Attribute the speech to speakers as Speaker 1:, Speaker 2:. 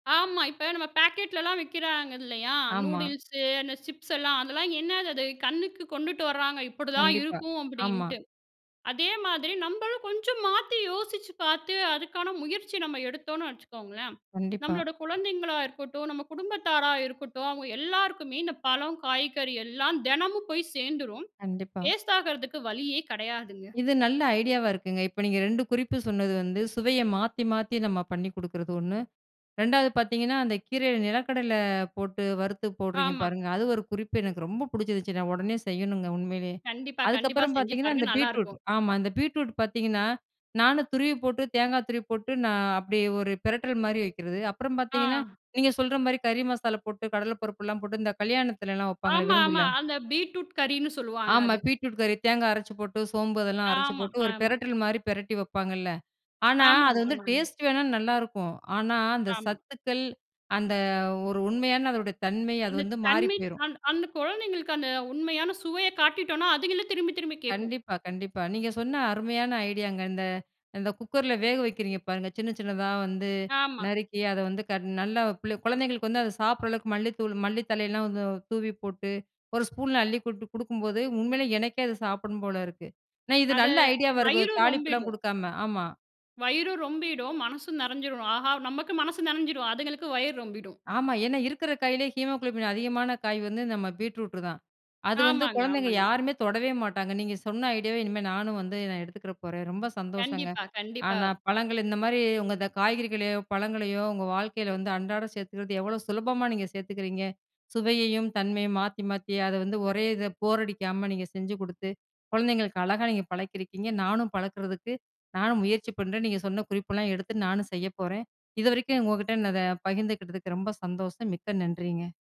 Speaker 1: ஆமா. இப்ப நம்ம பேக்கெட்லலாம் விக்கிறாங்க இல்லயா!
Speaker 2: ஆமா.
Speaker 1: நூடுல்ஸு அந்த சிப்ஸ் எல்லாம், அதெல்லாம் என்னது அது? கண்ணுக்கு கொண்டுட்டு வராங்க! இப்பிடிதான்
Speaker 2: கண்டிப்பா.
Speaker 1: இருக்கும்
Speaker 2: ஆமா.
Speaker 1: அப்பிடின்ட்டு. அதே மாதிரி நம்மளும் கொஞ்சம் மாத்தி யோசிச்சு பார்த்து அதுக்கான முயற்சி நம்ம எடுத்தோன்னு வச்சுக்கோங்களேன்!
Speaker 2: கண்டிப்பா.
Speaker 1: நம்மளோட குழந்தைங்களா இருக்கட்டும், நம்ம குடும்பத்தாரா இருக்கட்டும். அவுங்க எல்லாருக்குமே இந்த பழம், காய்கறி எல்லாம் தினமும் போய் சேர்ந்துரும்.
Speaker 2: கண்டிப்பா.
Speaker 1: வேஸ்ட் ஆகுறதுக்கு வழியே கிடையாதுங்க.
Speaker 2: இது நல்ல ஐடியாவா இருக்குங்க. இப்ப நீங்க 2 குறிப்பு சொன்னது வந்து சுவைய மாத்தி, மாத்தி நம்ம பண்ணி கொடுக்குறது 1. 2 வது பார்த்தீங்கன்னா, அந்த கீரையில நிலக்கடல போட்டு வறுத்து போடுறீங்க
Speaker 1: ஆமா.
Speaker 2: பாருங்க! அது ஒரு குறிப்பு எனக்கு ரொம்ப புடிச்சிருச்சு. நான் உடனே செய்யணுங்க உண்மையிலேயே!
Speaker 1: கண்டிப்பா, கண்டிப்பா.
Speaker 2: அதுக்கப்பறம்
Speaker 1: செஞ்சு
Speaker 2: பார்த்தீங்கன்னா,
Speaker 1: பாருங்க,
Speaker 2: அந்த
Speaker 1: நல்லா
Speaker 2: பீட்ரூட்
Speaker 1: இருக்கும்.
Speaker 2: ஆமா. அந்த பீட்ரூட் பார்த்தீங்கன்னா, நானும் துருவி போட்டு தேங்கா துருவி போட்டு, நான் அப்பிடியே ஒரு பிரட்டல்மாரி வைக்கிறது. அப்புறம் பார்த்தீங்கன்னா,
Speaker 1: ஆ.
Speaker 2: நீங்க சொல்றமாரி கறி மசாலா போட்டு கடல பருப்புலாம் போட்டு இந்த கல்யாணத்துலலாம் வப்பாங்களே!
Speaker 1: ஆமா, ஆமா.
Speaker 2: விருந்தில.
Speaker 1: அந்த பீட்ரூட் கறின்னு சொல்லுவாங்க,
Speaker 2: ஆமா.
Speaker 1: அது.
Speaker 2: பீட்ரூட் கறி தேங்கா அரச்சு போட்டு, சோம்பு அதெல்லாம் அரைச்சி
Speaker 1: ஆமா,
Speaker 2: போட்டு, ஒரு
Speaker 1: ஆமா.
Speaker 2: பெரட்டல் மாரி பிரட்டி வப்பாங்கல்ல. ஆனா, அது
Speaker 1: ஆமாங்க,
Speaker 2: வந்து
Speaker 1: ஆமாங்க.
Speaker 2: டேஸ்ட் வேணா நல்லாயிருக்கும். ஆனா, அந்த
Speaker 1: ஆமா.
Speaker 2: சத்துக்கள் அந்த ஒரு உண்மையான அதனுடைய தன்மை அது
Speaker 1: அந்த
Speaker 2: வந்து மாறி
Speaker 1: தன்மை
Speaker 2: போயிரும்.
Speaker 1: அந் அந்த குழந்தைங்களுக்கு அந்த உண்மையான சுவைய காட்டிட்டோன்னா, அதுங்களே திரும்பி, திரும்பி கேட்கும்.
Speaker 2: கண்டிப்பா, கண்டிப்பா. நீங்க சொன்ன அருமையான ஐடியாங்க. இந்த, இந்த குக்கர்ல வேக வைக்கிறீங்க பாருங்க! சின்ன, சின்னதா வந்து
Speaker 1: ஆமா.
Speaker 2: நறுக்கி அத வந்து கட் நல்ல பிள்ள குழந்தைங்களுக்கு வந்து அத சாப்பிட்ற அளவுக்கு மல்லித்தூள், மல்லி தழையிலாம் வந்து தூவி போட்டு, ஒரு ஸ்பூன்ல அள்ளி போட்டு கொடுக்கும்போது, உண்மையிலே எனக்கே அது சாப்பிட்ணும் போல இருக்கு. நான் இது
Speaker 1: அத
Speaker 2: நல்ல ஐடியாவா இருக்கு.
Speaker 1: வயிறும்
Speaker 2: தாளிப்புலாம்
Speaker 1: ரொம்பிடும்.
Speaker 2: குடுக்காம. ஆமா.
Speaker 1: வயிறும் ரொம்பிடும். மனசும் நிறைஞ்சிரும். ஆஹா! நமக்கு மனசு நிறைஞ்சிரும், அதுங்களுக்கு வயிறு ரொம்பிடும்.
Speaker 2: ஆமா. ஏன்னா இருக்கிற காயிலே ஹீமோகுளோபின் அதிகமான காய் வந்து நம்ம பீட்ரூட் தான். அது வந்து
Speaker 1: ஆமாங்க,
Speaker 2: குழந்தைங்க
Speaker 1: ஆமாங்க.
Speaker 2: யாருமே தொடவே மாட்டாங்க. நீங்க சொன்ன ஐடியாவ இனிமே நானும் வந்து நான் எடுத்துக்கற போறேன். ரொம்ப சந்தோஷங்க.
Speaker 1: கண்டிப்பா, கண்டிப்பா.
Speaker 2: ஆனா, பழங்கள் இந்தமாரி உங்க இந்த காய்கறிகளையோ! பழங்களையோ! உங்க வாழ்க்கையில வந்து அன்றாடம் சேர்த்துக்கிறது எவ்ளோ சுலபமான நீங்க சேர்த்துக்கிறீங்க! சுவையையும் தன்மையும் மாத்தி, மாத்தி அத வந்து ஒரே இத போர் அடிக்காம நீங்க செஞ்சு குடுத்து, குழந்தைங்களுக்கு அழகாக நீங்க பழக்கியிருக்கீங்க. நானும் பழக்கிறதுக்கு நானும் முயற்சி பண்றேன். நீங்க சொன்ன குறிப்பெல்லாம் எடுத்து நானும் செய்ய போறேன். இதுவரைக்கும் உங்ககிட்ட இன்னத பகிர்ந்துக்கிட்டதுக்கு ரொம்ப சந்தோஷம். மிக்க நன்றிங்க!